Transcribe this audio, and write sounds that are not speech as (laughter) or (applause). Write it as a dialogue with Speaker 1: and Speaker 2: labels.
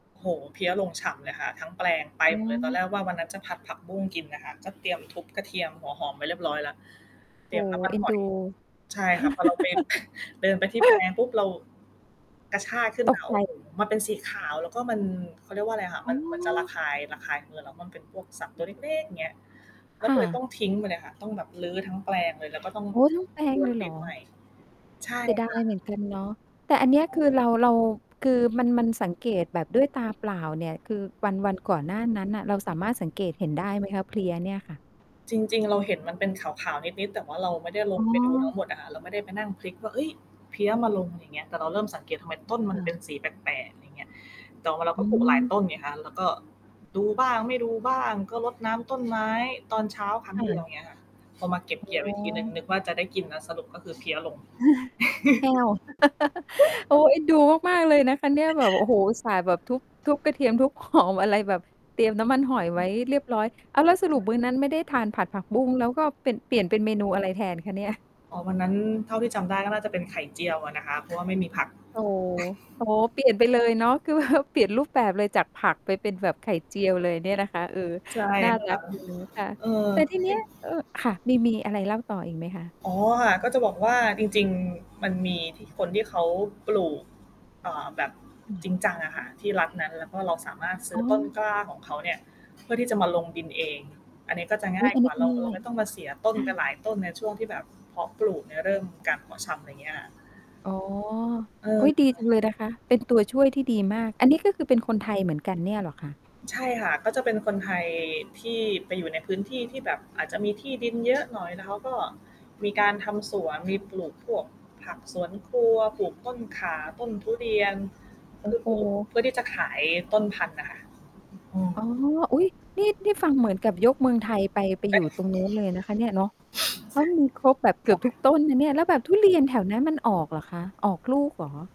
Speaker 1: โอ้โฮ เพลี้ยลงฉ่ำเลยค่ะ ทั้งแปลงไป
Speaker 2: อื
Speaker 1: หมดเลย ตอนแร
Speaker 2: ม
Speaker 1: กว่าวันนั้นจะผัดผักบุ้งกินน่ะค่ะ ก็เตรียมทุบกระเทียม หัวหอม ไว้เรียบร้อยแล้ว เต
Speaker 2: โ
Speaker 1: ร
Speaker 2: อ
Speaker 1: ี
Speaker 2: ้
Speaker 1: ยมน
Speaker 2: โ
Speaker 1: ้
Speaker 2: ฮ
Speaker 1: ำมัน
Speaker 2: เอ็น
Speaker 1: ห
Speaker 2: ด
Speaker 1: อ
Speaker 2: ู
Speaker 1: ย ใช่ค่ะ พอเราไป (chuckles) เดินไปที่แปล
Speaker 2: (laughs)
Speaker 1: งปุ๊บ เรา กระชากขึ้น
Speaker 2: ต
Speaker 1: ม
Speaker 2: ก
Speaker 1: า
Speaker 2: ใ
Speaker 1: โ
Speaker 2: จ
Speaker 1: อ้โฮ มันเป็นสีขาว แล้วก็มัน เขาเรียกว่าอะไรอะคะ
Speaker 2: อ๋
Speaker 1: มัน มันจะระ
Speaker 2: อ
Speaker 1: คาย ระคายมือ แล้วมันเป็นพวกสัตว์ตัวเล็กเล๊ก อย่างเงี้ย เร
Speaker 2: ค
Speaker 1: า
Speaker 2: ่
Speaker 1: ก็เลยต้
Speaker 2: ะ
Speaker 1: องทิ้งไปเลยค่ะ ต้องแบบรื้อทั้งแปลงเลย แล้วก็ต้อง
Speaker 2: โอ๊ย ทั้งแปล
Speaker 1: พร
Speaker 2: ง
Speaker 1: ว
Speaker 2: เล
Speaker 1: น
Speaker 2: ยเ
Speaker 1: ด
Speaker 2: หร
Speaker 1: ิ
Speaker 2: อ?
Speaker 1: นใหม่ ใช่
Speaker 2: เสียดา
Speaker 1: ค่
Speaker 2: ย
Speaker 1: ะ
Speaker 2: เหมือนกันเนาะ แต่อันเนี
Speaker 1: อ
Speaker 2: ้ย ค
Speaker 1: ือ
Speaker 2: ือเรา เรา คือมัน มันสังเกตแบบด้วยตาเปล่าเนี่ย คือวัน วันก่อนหน้านั้นน่ะ เราสามารถสังเกตเห็นได้ไหมคะ เพลี้ยเนี่ยค่ะ?
Speaker 1: จริง ๆ เราเห็นมันเป็นขาว ๆ นิด ๆ แต่ว่าเราไม่ได้ล
Speaker 2: อ๋
Speaker 1: งไปดูทั้
Speaker 2: อ
Speaker 1: งหมดอะค่ะ เราไม่ได้ไปนั่งพลิกกว่า "เฮ้ย! เพลี้ยมาลง" อะไรอย่างเงี้ย แต่เราเริ่มสังเกตุว่า ทำไมต้นม
Speaker 2: ค
Speaker 1: ันเ
Speaker 2: ่
Speaker 1: ป็
Speaker 2: ะ
Speaker 1: นสีแปลก ๆ อะไรอย่างเงี้ย แต่ว่าเรา
Speaker 2: อ
Speaker 1: ก็
Speaker 2: ื
Speaker 1: ปลูกหลาย
Speaker 2: ม
Speaker 1: ต้นไงคะ แล้ว แล้วก็ดูบ้าง ไม่ดูบ้าง ก็รดน้ำต้นไม้ตอนเช้าครั
Speaker 2: ค
Speaker 1: ้ง
Speaker 2: ่
Speaker 1: เดียว
Speaker 2: ะ
Speaker 1: อย่างเงี้ยค่ะ พอมาเก็บเ
Speaker 2: อ๋
Speaker 1: กี่ยวอีกทีหนึ่ง
Speaker 2: อ
Speaker 1: นึกว่า จะได้กินแล้ว สรุปก็คือเพลี้ยลง
Speaker 2: (chuckles) แห้
Speaker 1: (laughs)
Speaker 2: ว (laughs) โอ๊
Speaker 1: (giggles)
Speaker 2: ย! เอ็นดูมาก ๆ เลยนะคะเนี่ย แบบ โอ้โฮ อุตส่าห์แบบทุบ ทุบกระเทียม ทุบ หอม อะไรแบบเตรียมน้ำมันหอยไว้เรียบร้อย อ้าว! แล้วส
Speaker 1: จ
Speaker 2: ร
Speaker 1: ๋อยค
Speaker 2: ุ
Speaker 1: ่
Speaker 2: ป
Speaker 1: ะ
Speaker 2: มื้อนั้นไม่ได้ทานผัดผักบุ้งแล้ว ก็เป็น เปลี่ยนเป็นเมนูอะไรแทนคะเนี่ย?
Speaker 1: อ๋อ วันนั้นเท่าที่จำได้ ก็น่าจะเป็นไข่เจียวอะนะคะ เพราะว่าไม่มีผัก
Speaker 2: อ๋อ อ๋อ เปลี่ยนไปเลยเนาะ คือ แบบ เปลี่ยนรูปแบบเลยจากผักไปเป็นแบบไข่เจียวเลยเนี่ยนะคะ เออ
Speaker 1: ใช่
Speaker 2: น่า
Speaker 1: ค
Speaker 2: รั
Speaker 1: ่ะ
Speaker 2: กดีนะคะ
Speaker 1: เออ
Speaker 2: แต่ทีเ
Speaker 1: ก
Speaker 2: นี้
Speaker 1: ิ
Speaker 2: ย
Speaker 1: น
Speaker 2: เอ่อ ค่ะ มี มีอะไรเล่าต่ออีกไหมคะ?
Speaker 1: อ๋อ ค่ะ ก็จะบอกว่า จริง ๆ มันมีที่ คนที่เขาปลูก อ่า แบบ
Speaker 2: อืม
Speaker 1: จริงจังอะค่ะที่รัฐนั้น แล้วก็เราสามารถซื
Speaker 2: อ
Speaker 1: ้
Speaker 2: ๋
Speaker 1: อต้น
Speaker 2: อ
Speaker 1: กล้าของเขาเนี่ยเพื่อที่จะมาลงดินเอง อันนี้ก็จะง
Speaker 2: อุ
Speaker 1: ่
Speaker 2: ๊
Speaker 1: า
Speaker 2: ย!
Speaker 1: ย
Speaker 2: อัน
Speaker 1: ก
Speaker 2: น
Speaker 1: ว
Speaker 2: ี
Speaker 1: ่
Speaker 2: ้
Speaker 1: า
Speaker 2: ก็
Speaker 1: เร
Speaker 2: เ
Speaker 1: า
Speaker 2: หนื่
Speaker 1: เร
Speaker 2: อ
Speaker 1: าไ
Speaker 2: ย
Speaker 1: ม่ต้องมาเสียต้
Speaker 2: ใ
Speaker 1: น
Speaker 2: ช่
Speaker 1: ไปหลายต้น ในช่วงที่แบบเพาะปลูกเนี่ย เริ่มการเพาะชำ อะไรเงี้ยค่ะ
Speaker 2: อ๋อ
Speaker 1: เอ
Speaker 2: อ
Speaker 1: อ
Speaker 2: ุ๊ย!
Speaker 1: ใ
Speaker 2: ดี
Speaker 1: ช
Speaker 2: จ
Speaker 1: ่
Speaker 2: ังเลยนะคะ เป็นตัวช่วยที่ดีมาก อันนี้ ก็คือเป็นคนไทยเหมือนกันเนี่ยเหรอคะ?
Speaker 1: ใช่ค่ะ ก็เป็นคนไทยที่ไปอยู่ในพื้นที่ที่แบบอาจจะมีที่ดิน เยอะหน่อย แล้วเขาก็มีการทำสวน มีปลูกพวกผักสวนครัว ปลูกต้นข่า ต้นทุเรียน
Speaker 2: โ
Speaker 1: เ
Speaker 2: อ
Speaker 1: พ
Speaker 2: ้
Speaker 1: ื่อ
Speaker 2: โฮ
Speaker 1: ปลูก เพื่อที่จะขายต้นพันธุ์น่ะค่ะ อือ
Speaker 2: อ๋อ อุ๊ย! นี่ นี่ฟังเหมือนกับยกเมืองไทยไป ไป
Speaker 1: เ
Speaker 2: อ
Speaker 1: อ๊
Speaker 2: ยู่
Speaker 1: ะ
Speaker 2: ตรงนู้นเลยนะคะเนี่ย เนาะ ก็มีครบแบบเก
Speaker 1: ค
Speaker 2: ื
Speaker 1: ่
Speaker 2: อบ
Speaker 1: ะ
Speaker 2: ทุกต้นนะเนี่ย แล้วแบบทุเรียนแถวนั้นมันออกเหรอคะ ออกลูกเหรอ?